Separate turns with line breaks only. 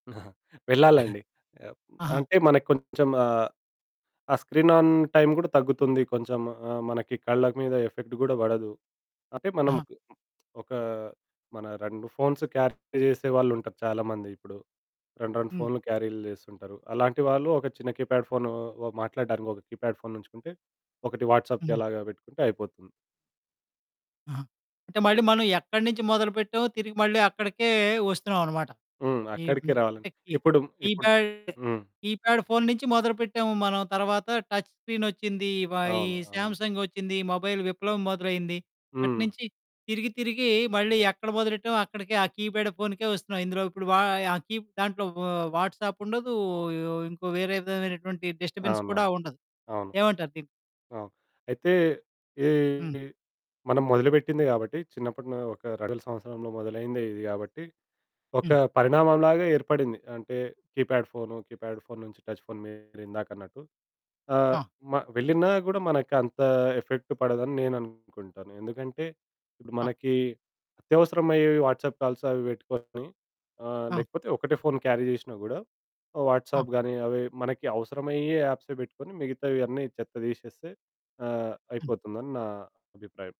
వెళ్ళాలండి.
ఆహా!
అంటే మనకు కొంచెం ఆహ్, ఆ స్క్రీన్ ఆన్ టైమ్ గూడా తగ్గుతుంది. కొంచెం ఆహ్, మనకి కళ్ళ మీద ఎఫెక్ట్ గూడా బడదు. అంటే మనం
ఆహా!
కి ఒకా, మన 2 ఫోన్స్ క్యారీ ట్ చేసేవాళ్ళుంటారు చాలామంది. ఇప్పుడు 2, 2
హ్మ్.
ఫోనులు క్యారీలు చేస్తుంటారు. అలాంటి వాళ్ళు ఒక చిన్న కీప్యాడ్ ఫోను మాట్లాడడానికి ఒక కీప్యాడ్ ఫోను ఉంచుకుంటే ఒకటి వాట్సాప్‌కి
హ్మ్.
అలాగా పెట్టుకుంటే అయిపోతుంది.
ఆహా! అంటే మళ్ళీ మనం ఎక్కడి నుంచి మొదలుపెట్టామో తిరిగి మళ్ళీ అక్కడికే వస్తున్నాం అనమాట.
హ్మ్.
ఈమ్
అక్కడికే రావాలి.
టెక్కి
ఇప్పుడు, ఇప్పుడు
కీప్యాడ్
హ్మ్.
కీప్యాడ్ ఫోను నుంచి మొదలుపెట్టాము మనం తర్వాత టచ్ స్క్రీనొచ్చింది. ఇవ ఈ
అవును. అవును.
సామ్సంగొచ్చింది మొబైల్ విప్లవం మొదలైంది.
హ్మ్.
అటునుంచి తిరిగి తిరిగి మళ్ళీ ఎక్కడ మొదలెట్టామో అక్కడికే ఆ కీప్యాడ్ ఫోనుకే వస్తున్నాం. ఇందులో ఇప్పుడు వా ఆ కీప్ దాంట్లో వ్ వాట్సాప్ ఉండదు. ఇంకో వేరే విధమైనటువంటి డిస్టర్బెన్స్ కూడా
అవునవును.
ఉండదు.
అవును.
ఏమంటారు దీన్ని?
అవును. ఆ! అయితే ఈ
హ్మ్.
మనం మొదలుపెట్టింది గాబట్టి చిన్నప్పుడు నా ఒక 2000 సంవత్సరంలో మొదలైందే ఇది గాబట్టి ఒక
హ్మ్.
పరిణామం లాగా ఏర్పడింది. అంటే కీప్యాడ్ ఫోను కీప్యాడ్ ఫోను నుంచి టచ్ ఫోను మీరు ఇందాక అన్నట్టు ఆహ్,
ఆ!
మ వెళ్ళినా గూడా మనకు అంత ఎఫెక్ట్ పడదని నేను అనుకుంటాను. ఎందుకంటే ఇప్పుడు
ఆ!
మనకి అత్యవసరమయ్యేవి వాట్సాప్ కాల్స్ అవి పెట్టుకొని ఆహ్,
ఆ!
లేకపోతే ఒకటే ఫోను క్యారీ చేషినా గూడా
ఆ!
వాట్సాప్ గాని అవి మనకి అవసరమయ్యే యాప్సే బెట్టుకొని మిగతావన్నీ చెత్త దీషేస్తే ఆహ్,
హ్మ్.
అయిపోతుందని నా అభిప్రాయం.